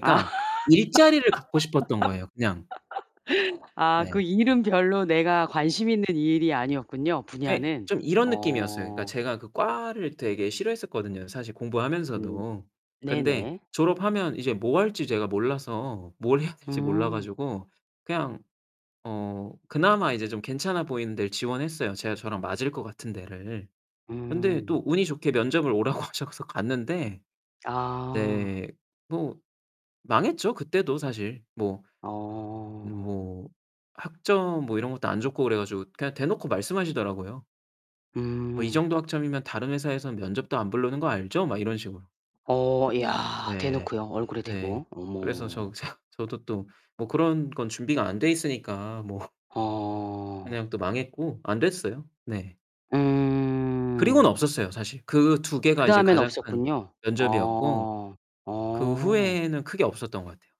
아. 일자리를 갖고 싶었던 거예요, 그냥. 아 그 네. 일은 별로 내가 관심있는 일이 아니었군요, 그게 분야는 좀 이런 느낌이었어요. 그러니까 어. 제가 그 과를 되게 싫어했었거든요, 사실 음 공부하면서도. 근데 네네. 졸업하면 이제 뭐 할지 제가 몰라서 뭘 해야 될지 몰라 음. 가지고 그냥 어 그나마 이제 좀 괜찮아 보이는 데를 지원했어요, 제가 저랑 맞을 것 같은 데를. 근데 또 음. 운이 좋게 면접을 오라고 하셔서 갔는데 아. 네 뭐 망했죠, 그때도 사실. 뭐 어. 뭐 학점 뭐 이런 것도 안 좋고 그래 가지고 그냥 대놓고 말씀하시더라고요. "뭐 이 음. 정도 학점이면 다른 회사에서는 면접도 안 부르는 거 알죠?" 막 이런 식으로. 어 야 네. 대놓고요, 얼굴에 네. 대고. 그래서 저 어머. 저 저도 또 뭐 그런 건 준비가 안 돼 있으니까 뭐 어. 그냥 또 망했고 안 됐어요. 네. 음. 그리고는 없었어요, 사실. 그 2 개가 이제 그다음엔 가장 큰 없었군요. 면접이었고 어. 그 어. 후에는 크게 없었던 것 같아요.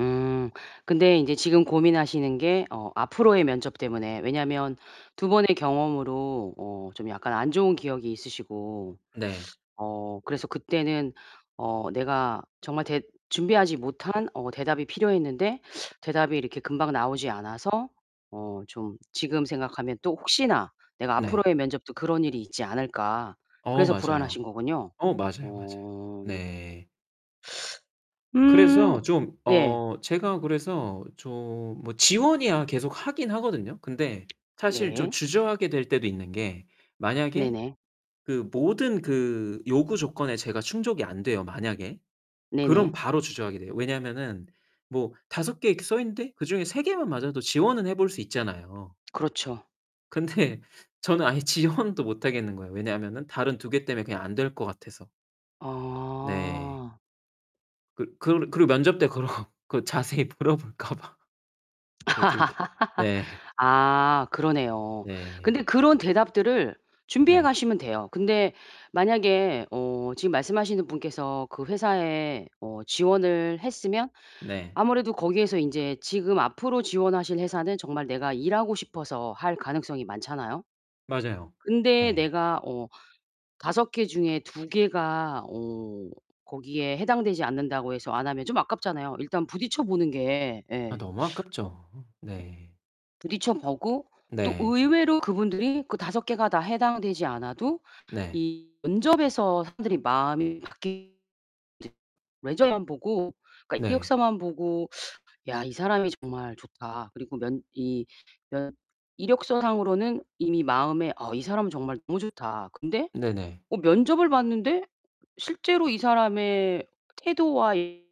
음. 근데 인제 지금 고민하시는 게 어 앞으로의 면접때문에 왜냐면 2 번의 경험으로 어 좀 약간 안 좋은 기억이 있으시고 네. 어 그래서 그때는 어 내가 정말 대 준비하지 못한 어 대답이 필요했는데 대답이 이렇게 금방 나오지 않아서 어 좀 지금 생각하면 또 '혹시나 내가 네. 앞으로의 면접도 그런 일이 있지 않을까?' 어 그래서 맞아요. 불안하신 거군요. 어 맞아요, 맞아요. 어. 네. 음. 그래서 좀 예. 어 제가 그래서 좀 뭐 지원이야 계속 하긴 하거든요. 근데 사실 좀 네. 주저하게 될 때도 있는 게 만약에 네네. 그 모든 그 요구 조건에 제가 충족이 안 돼요, 만약에. 그럼 네네. 바로 주저하게 돼요. 왜냐하면은 뭐 5 개 이렇게 써 있는데 그중에 3 개만 맞아도 지원은 해 볼 수 있잖아요. 그렇죠. 근데 저는 아예 지원도 못 하겠는 거예요. 왜냐하면은 다른 2 개 때문에 그냥 안 될 것 같아서. 네. 아. 그 그르 그리고 면접 때 그러 그 자세히 물어볼까 봐, 그 2 개 네. 아 그러네요. 네. 근데 그런 대답들을 준비해 네. 가시면 돼요. 근데 만약에 어 지금 말씀하시는 분께서 그 회사에 어 지원을 했으면 네. 아무래도 거기에서 인제 지금 앞으로 지원하실 회사는 정말 내가 일하고 싶어서 할 가능성이 많잖아요? 맞아요. 근데 예. 내가 어 5 개 중에 2 개가 어 거기에 해당되지 않는다고 해서 안 하면 좀 아깝잖아요. 일단 부딪혀 보는 게 아 예. 너무 아깝죠. 네. 부딪혀 보고 또 네. 의외로 그분들이 그 5 개가 다 해당되지 않아도 네. 이 면접에서 사람들이 마음이 바뀔 네. 레저만 보고 그러니까 네. 이력서만 보고 "야 이 사람이 정말 좋다." 그리고 면 이 그 이력서 상으로는 이미 마음에 "어 이 사람은 정말 너무 좋다." 근데 네네. 어 면접을 봤는데 실제로 이 사람의 태도와 이